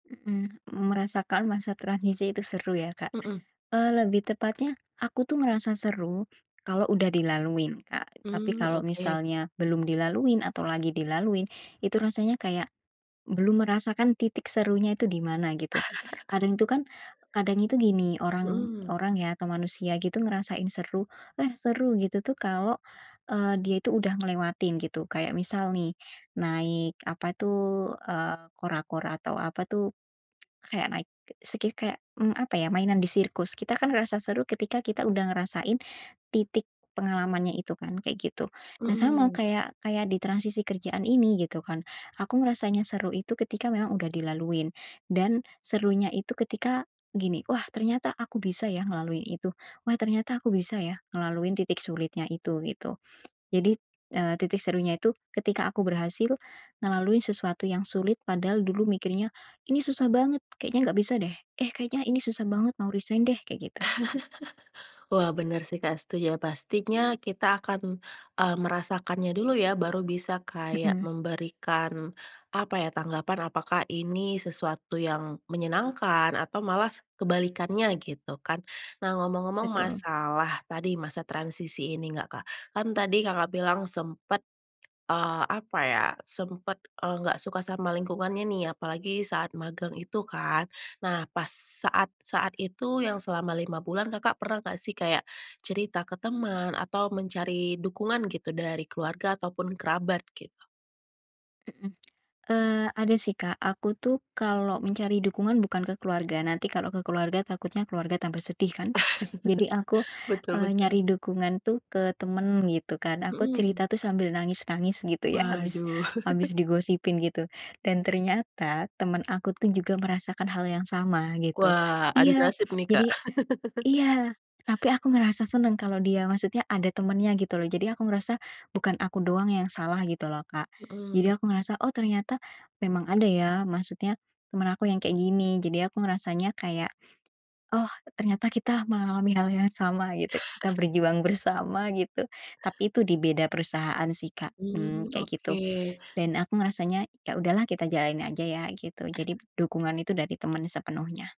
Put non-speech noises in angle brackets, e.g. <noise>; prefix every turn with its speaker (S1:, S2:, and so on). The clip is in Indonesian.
S1: Mhm, merasakan masa transisi itu seru, ya, Kak,
S2: Mhm.
S1: eee, lebih tepatnya aku tuh ngerasa seru kalau udah dilaluin, Kak. Tapi
S2: Mmm,
S1: kalau
S2: oke.
S1: misalnya belum dilaluin atau lagi dilalui, itu rasanya kayak belum merasakan titik serunya itu di mana, gitu.
S2: <chuckles>
S1: Kadang itu kan, kadang itu gini orang
S2: Mhm.
S1: orang, ya, ke manusia gitu ngerasain seru, "Eh, seru!" Gitu, tuh, kalau, eee, dia itu udah ngelewatin, gitu. Kayak misal, nih, naik apa, tuh, eee, kora-kora atau apa, tuh, <tsk> kayak naik ke sekih kayak, mmm, apa ya, mainan di sirkus. Kita, kan, ngerasa seru ketika kita udah ngerasain titik pengalamannya itu kan, kayak gitu. Nah, sama
S2: Mhm.
S1: kayak kayak ditransisi kerjaan ini gitu, kan. Aku ngerasanya seru itu ketika memang udah dilaluin. Dan serunya itu ketika gini, "Wah, ternyata aku bisa, ya, ngelalui itu. Wah, ternyata aku bisa, ya, ngelaluin titik sulitnya itu," gitu. Jadi, eee, titik serunya itu ketika aku berhasil ngelalui sesuatu yang sulit, padahal dulu mikirnya, "Ini susah banget kayaknya nggak bisa, deh. Eh, kayaknya ini susah banget mau resign deh," kayak gitu.
S2: <laughs> Wah, bener, sih, Kak, setuju, ya, pastinya kita akan, eee, merasakannya dulu, ya, baru bisa kayak
S1: Mhm.
S2: memberikan, apa ya, tanggapan apakah ini sesuatu yang menyenangkan atau malah s kebalikannya, gitu kan. Nah, ngomong-ngomong
S1: Betul.
S2: masalah tadi masa transisi ini enggak, Kak. Kan, tadi Kakak bilang sempat, eee, apa ya, sempat, eee, enggak suka sama lingkungannya, nih, apalagi saat magang itu, kan. Nah, pas saat-saat itu yang selama 5 bulan Kakak pernah enggak, sih, kayak, cerita ke teman atau mencari dukungan gitu dari keluarga ataupun kerabat, gitu.
S1: Mhm, <tsk> eee, ada, sih, Kak, aku tuh, kalau mencari dukungan bukan ke keluarga. Nanti kalau ke keluarga takutnya keluarga tambah sedih kan. Jadi aku,
S2: <chuckles> Betul
S1: eee,
S2: betul.
S1: nyari dukungan, tuh, ke temen gitu kan. Aku
S2: Mhm.
S1: cerita, tuh, sambil nangis-nangis, gitu ya, habis
S2: Waduh. <chuckles>
S1: habis digosipin gitu. Dan ternyata, teman aku tuh juga merasakan hal yang sama, gitu.
S2: Wah, aduh
S1: Iya,
S2: nasib, nih, Kak.
S1: jadi
S2: <chuckles>
S1: iya, tapi aku ngerasa seneng kalau dia maksudnya ada temennya, gitu loh, jadi aku merasa bukan aku doang yang salah, gitu loh, Kak. Jadi
S2: Mhm.
S1: aku ngerasa, oh, ternyata memang ada, ya, maksudnya teman aku yang kayak gini, jadi aku merasanya kayak, oh, ternyata kita mengalami hal yang sama, gitu, kita
S2: <chuckles>
S1: berjuang bersama, gitu. Tapi itu dibeda perusahaan, sih, Kak,
S2: Mmm,
S1: mmm, kayak gitu.
S2: oke.
S1: Dan aku ngerasanya, ya, udahlah kita jalanin aja, ya, gitu, jadi
S2: <coughs>
S1: dukungan itu dari teman sepenuhnya.